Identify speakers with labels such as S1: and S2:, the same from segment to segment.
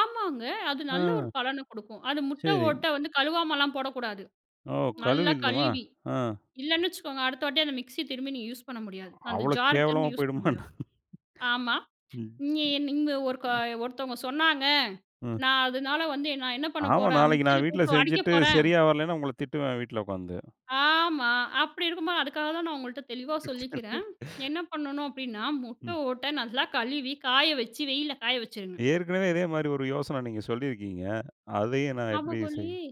S1: ஆமாங்க, அது நல்ல ஒரு
S2: ம்.
S1: பலன குடுக்கும். அது முட்ட
S2: சரி.
S1: ஓட்ட வந்து கழுவாமல்லாம் போடக்கூடாது.
S2: ஓ!
S1: நல்லா
S2: கழுவிடுணும்மா?
S1: கழுவி,
S2: அ.
S1: இல்லைன்னு வச்சுக்கோங்க, அடுத்த வாட்டி அந்த மிக்ஸி திரும்பி நீங்க யூஸ் பண்ண முடியாது. அந்த
S2: அவ்வளவு
S1: ஜாரை
S2: கேவலமா
S1: திரும்பி யூஸ் பண்ண
S2: போய்டுமா
S1: முடியாது.
S2: என்ன?
S1: ஆமா.
S2: ம்.
S1: "நீ நீங்க ஒருக்க
S2: ம்.
S1: ஒருத்தவங்க சொன்னாங்க,
S2: ம்.
S1: நா அதனால வந்து என் நான் என்ன பண்ண
S2: ஆமா,
S1: போறேன்?
S2: நாளைக்கு நா
S1: மிக்ஸியில
S2: வீட்ல
S1: போட்டு அடிக்க
S2: செஞ்சுட்டு
S1: போறேன்."
S2: சரியா வரலன்னா, உங்கள திட்டுவேன் வீட்ல உட்காந்து.
S1: ஆமா. அப்படி இருக்கும்போது அதுக்காக தான் நான் உங்கள்ட்ட தெளிவா சொல்லிக்கிறேன், என்ன பண்ணணும் அப்படீன்னா, முட்ட
S2: ம்.
S1: ஓட்டை நல்லா கழுவி காய வச்சு, வெயில்ல காய வச்சுருங்க.
S2: ஏற்கனவே இதே மாரி ஒரு யோசனை நீங்க சொல்லியிருக்கீங்க. அதையும் நான் எப்படி
S1: ஞாபகம்
S2: செய்?
S1: இல்லையே.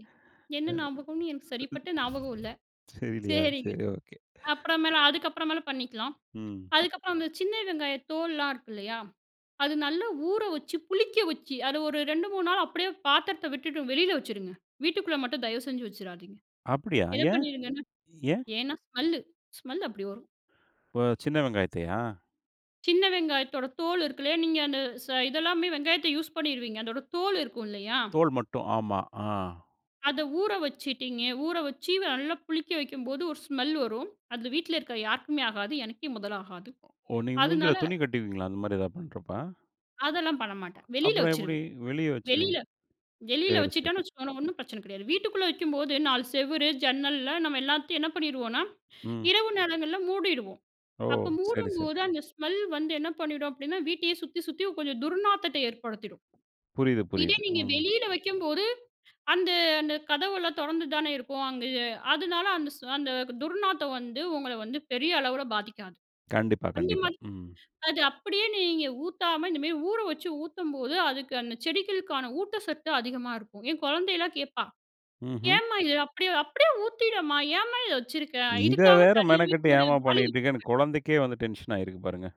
S1: என்ன
S2: ம்.
S1: ஞாபகம்ன்னு எனக்கு சரிப்பட்ட ஞாபகம் இல்லை.
S2: தெரியலையா?
S1: சரிங்க.
S2: சரி ஒகே.
S1: அப்புற மேல, அதுக்கப்புற மேல பண்ணிக்கலாம்.
S2: ம்.
S1: அதுக்கப்புறம், அந்த சின்ன வெங்காய தோல்ளாம் இருக்குல்லையா? அது நல்லா ஊற வச்சு, புளிக்க வச்சு அதை ஒரு 2, 3 நாள் அப்படியே பாத்திரத்தை விட்டுட்டு வெளியில வச்சுருங்க. வீட்டுக்குள்ள மட்டும் தயவு செஞ்சு வச்சுராதீங்க.
S2: அப்படியா!
S1: என்ன
S2: ஏன்?
S1: பண்ணீருங்கன்னா,
S2: ஏன்?
S1: ஏன்னா ஸ்மெல்லு, ஸ்மெல் அப்படி வரும்.
S2: இப்ப சின்ன வெங்காயத்தையா?
S1: சின்ன வெங்காயத்தோட தோல் இருக்குல்லையா? நீங்க அந்த ச இதெல்லாமே வெங்காயத்தை யூஸ் பண்ணீருவீங்க. அதோட தோல் இருக்கும் இல்லையா?
S2: தோல் மட்டும். ஆமா, ஆ.
S1: அத ஊற வச்சுட்டீங்க. ஊற வச்சு, நல்லா புளிக்க வைக்கும்போது ஒரு ஸ்மெல் வரும். அதுல வீட்ல இருக்க யாருக்குமே ஆகாது. எனக்கே முதல் ஆகாது.
S2: ஒ ஓ! நீங்க மூஞ்சில
S1: அதனால
S2: துணி கட்டுவீங்களா? அந்த மாரி எதாவது பண்ணுறப்ப.
S1: அதெல்லாம் பண்ணமாட்டேன். வெளியில
S2: அப்பறம் எப்படி?
S1: வச்சுருவேன்.
S2: வெளியே வச்சுருவீங்க.
S1: வெளியில வெளியில
S2: சரி, சரி.
S1: வச்சிட்டோம்ன்னு வச்சுக்கோங்களேன், ஒண்ணும் பிரச்சனை கிடையாது. வீட்டுக்குள்ள வைக்கும்போது 4 செவரு, ஜன்னல்ல நம்ம எல்லாத்தையும் என்ன பண்ணீருவோம்ன்னா,
S2: ம்.
S1: இரவு நேரங்கள்ல மூடிடுவோம்.
S2: ஓ!
S1: அப்ப
S2: சரி, சரி
S1: மூடும்போது, அந்த ஸ்மெல் வந்து என்ன பண்ணிடும் அப்படீன்னா, வீட்டையே சுத்தி சுத்தி கொஞ்சம் துர்நாத்தத்தை ஏற்படுத்திடும்.
S2: புரியுது,
S1: இதே
S2: புரியுது.
S1: நீங்க
S2: ம்.
S1: வெளியில வைக்கும்போது, அந்த அந்த கதவெல்லாம் தொறந்து தான இருக்கும். அங்க அதனால அந்த ஸ் அந்த துர்நாத்தம் வந்து உங்கள வந்து பெரிய அளவில பாதிக்காது.
S2: கண்டிப்பா,
S1: அந்த
S2: கண்டிப்பா.
S1: மாதிரி,
S2: ம்.
S1: அது அப்படியே நீங்க ஊத்தாம இந்த மாரி ஊற வச்சு ஊத்தும்போது, அதுக்கு அந்த செடிகளுக்கான ஊட்டசத்து அதிகமா இருக்கும். என் குழந்தையல்லாம் கேட்பா,
S2: ம்ஹ்ம்.
S1: "ஏம்மா இதை அப்படியே அப்படியே ஊத்திடேம்மா. ஏம்மா இதை வச்சுருக்கே?".
S2: இத
S1: இதுக்காக
S2: வேற
S1: தனியாவே
S2: மெனக்கட்டு
S1: ஒரு
S2: ஏம்மா
S1: வாளி வச்சிருக்கேன்.
S2: பண்ணிக்கிட்டுருக்கன்னு, குழந்தைக்கே வந்து டென்ஷன் ஆயிருக்கு பாருங்க.